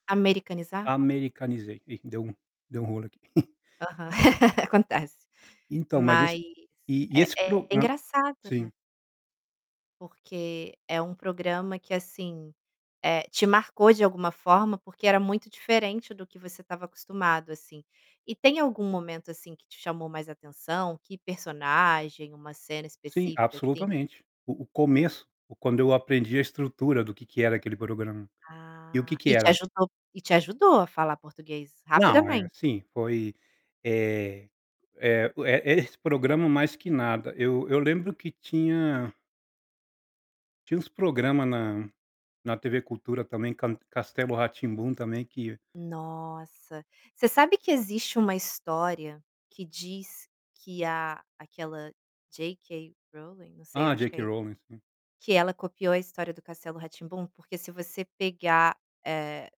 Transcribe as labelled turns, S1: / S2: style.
S1: Americanizar?
S2: Americanizei, ih deu um deu um rolo aqui.
S1: Aham, acontece.
S2: Então, mas esse,
S1: Mas
S2: e e
S1: é
S2: esse
S1: é
S2: program
S1: engraçado, né.
S2: sim.
S1: Porque é um programa que, assim, eh, te marcou de alguma forma porque era muito diferente do que você estava acostumado, assim, e tem algum momento, assim, que te chamou mais atenção, que personagem, uma cena
S2: Sim,
S1: específica, assim?
S2: absolutamente. O o começo, quando eu aprendi a estrutura do que que era aquele programa. E o que
S1: Ah,
S2: que
S1: e te
S2: era?
S1: ajudou, e te ajudou a falar português
S2: Não, é
S1: rapidamente
S2: sim, foi, eh, eh, o é esse programa mais que nada. Eu eu lembro que tinha tinha uns programa na na TV cultura, também, can Castelo Ratimbum também que
S1: Nossa, você sabe que existe uma história que diz que a aquela J K Rowling, não sei,
S2: Ah,
S1: acho
S2: J.
S1: que
S2: K.
S1: é
S2: Rowling, sim.
S1: que ela copiou a história do castelo Ra Tim Bum, porque se você pegar, eh